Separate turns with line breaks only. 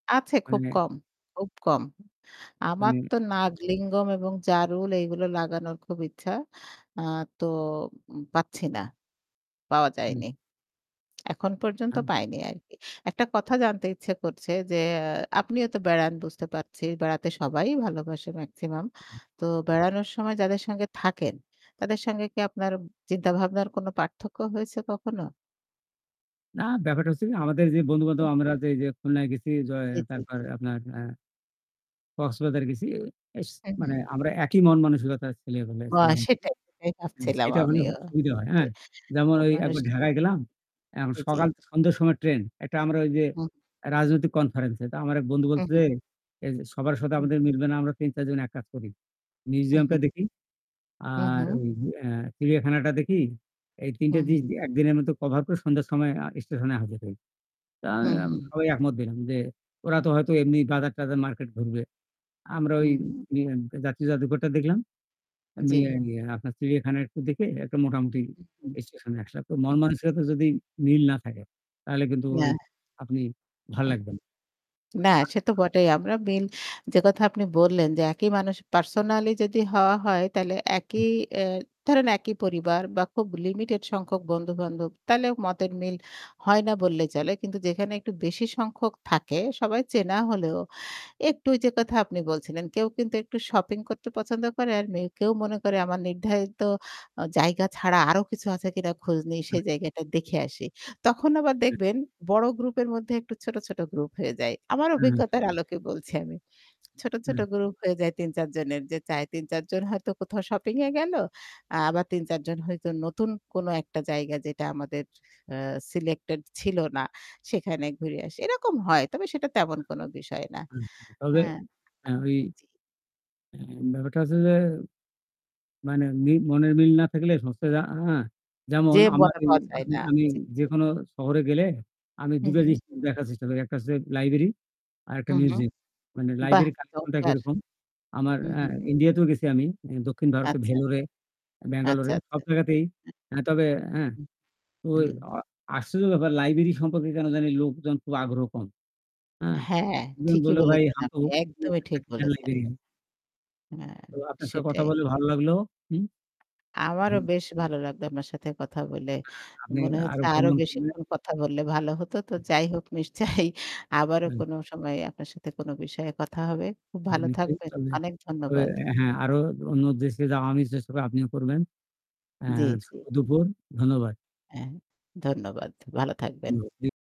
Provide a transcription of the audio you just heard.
আছে খুব
হন্নে
কম খুব কম। আমার
মানে
তো 'নাগলিঙ্গম' এবং 'জারুল' এইগুলো লাগানোর খুব ইচ্ছা। আ তো উ পাচ্ছি না। পাওয়া
হম।
যায়নি। এখন পর্যন্ত
আন
পায়নি আরকি। একটা কথা জানতে ইচ্ছে করছে যে আ আপনিও তো বেড়ান বুঝতে পারছি। বেড়াতে সবাই ভালোবাসে মেক্সিমাম। তো বেড়ানোর সময় যাদের সঙ্গে থাকেন তাদের সঙ্গে কি আপনার চিন্তাভাবনার কোনো পার্থক্য হয়েছে কখনো?
না ব্যাপারটা হচ্ছে কি, আমাদের যে বন্ধু-বান্ধব
উম।
আমরা যে এইযে খুলনায় গেছি, য
জি,
অ
জি,
তারপর
জি।
আপনার আ কক্সবাজার গেছি। ইস
হু,
মানে
হু।
আমরা একই মন-মানসিকতার ছেলে হলে
ও
ছিলাম আরকি।
সেটাই, সেটাই ভাবছিলাম
সেটা হলে
আমিও।
হোক সুবিধা হয়, হ্যাঁ?
[unintelligible]
যেমন এই
মানুষ
একবার ঢাকায় গেলাম, আম
জি, জি।
সকাল সন্ধ্যার সময় ট্রেন; একটা আমরা ওই যে
হুম।
রাজনৈতিক কনফারেন্সে। তো আমার এক বন্ধু
হু,
বলছে
হু।
যে এ যে, "সবার সাথে
হম।
আমাদের মিলবে না আমরা ৩-৪ জন এক কাজ করি।
উ হুম।
মিউজিয়ামটা দেখি
হুম,
আর
হম।
ঐ অ্যা চিড়িয়াখানাটা দেখি আর এই ৩ টে
হুম, হুম।
জিনিস ১ দিনের মতো কভার করে সন্ধ্যার সময় আ স্টেশনে হাজর হই।" তো
হম,
আম
হম।
সবাই একমত হলাম যে ওরা তো হয়তো এমনি বাজার টাজার মার্কেট ঘুরবে। আমরা ওই
হুম, হম।
নিয়াম যাত্রী যাদুঘরটা দেখলাম। আমি
জ্বী।
আই ইয়েয় আপনার চিড়িয়াখানা একটু দেখে একটা মোটামুটি
উহম,
স্টেশনে আসলাম। তো
হম।
মনমানসিকতা যদি মিল না থাকে তাহলে কিন্তু ঐ
না।
আপনি ভাল
অ্যাঁ
লাগবে না।
না সে তো
[unintelligible]
বটেই। আমরা মিল যে কথা আপনি বললেন যে একই মানুষ পার্সোনালই যদি হওয়া হয় তাহলে
হম।
একই অ্যা ধরেন একই পরিবার বা খুব লিমিটেড সংখ্যক বন্ধু-বান্ধব তাহলে মতের মিল হয় না বললেই চলে। কিন্তু যেখানে একটু বেশি সংখ্যক থাকে, সবাই চেনা হলেও একটু ঐ যে কথা আপনি বলছিলেন, কেউ কিন্তু একটু শপিং করতে পছন্দ করে। আর মেউ কেউ মনে করে, "আমার নির্ধারিত আ জায়গা ছাড়া আরও কিছু আছে কিনা খোঁজ নেই,
অ্যা
সেই জায়গাটা দেখে আসি।" তখন আবার
জি।
দেখবেন বড় গ্রুপের মধ্যে একটু ছোট, ছোট গ্রুপ হয়ে যায়। আমার
হম।
অভিজ্ঞতার
[unintelligible]
আলোকে বলছি আমি। ছোট, ছোট
হম।
গ্রুপ হয়ে যায় ৩-৪ জনের যে চায় ৩-৪ জন হয়তো কোথাও শপিং এ গেলো, আবার ৩-৪ জন হয়তো নতুন কোনো একটা জায়গা যেটা আমাদের অ্যা সিলেক্টেড ছিল না সেখানে ঘুরে আসি। এরকম হয়। তবে সেটা তেমন
হ্যা।
কোনো বিষয় না।
উম তবে
হ্যাঁ।
অ্যা ওই
জি।
অ্যা ব্যাপারটা হচ্ছে যে মানে মি মনের মিল না থাকলে [unintelligible]
যে
যেমন আমার
মনে
ই
পাওয়া যায়
আমি
না।
আমি
জি।
যেকোনো শহরে গেলে আমি
হম,
দুটো
হম।
জিনিস দেখার চেষ্টা করি। একটা হচ্ছে লাইব্রেরি আর একটা
হম, হম।
মিউজিয়াম। মানে
বাহ!
লাইব্রেরি কালেকশন টা
দরকার।
কিরকম? আমার
হুম, হুম।
ইন্ডিয়া তেও গেছি আমি। দক্ষিণ ভারতে
আচ্ছা।
ভ্যালুরে
আচ্ছা,
ব্যাঙ্গালোরে, সব
আচ্ছা।
জায়গাতেই তবে অ্যাঁ
হু,
তো
হম।
অ আশ্চর্য ব্যাপার লাইব্রেরি সম্পর্কে কেনো জানি লোকজন খুব আগ্রহ কম। হ্যাঁ
হ্যাঁ, ঠিকই বলেছেন আপনি। একদমই ঠিক বলেছেন।
[unintelligible]
হ্যাঁ,
তো আপনার সাথে কথা
সেটাই।
বলে ভালো লাগলো। হুম?
আমারও
হম।
বেশ ভালো লাগতো আপনার সাথে কথা বলে।
হ্যাঁ, আপনি
মনে হচ্ছে
আরো
আরো
ভ্রমণ করবেন।
বেশিক্ষণ কথা বললে ভালো হতো। তো
উহু।
যাই হোক নিশ্চয়ই আবারো পরে
হুম।
কোনো সময় আপনার সাথে কোনো বিষয়ে কথা হবে। খুব
জি,
ভালো
নিশ্চয়ই।
থাকবেন।
তবে
অনেক
ঐ
ধন্যবাদ।
হ্যাঁ আরো অন্য দেশে যা আমি চেষ্টা আপনিও করবেন। অ্যাঁ
জ্বী,
শুভ
জ্বী।
দুপুর, ধন্যবাদ।
অ্যাঁ ধন্যবাদ ভালো থাকবেন।
[unintelligible]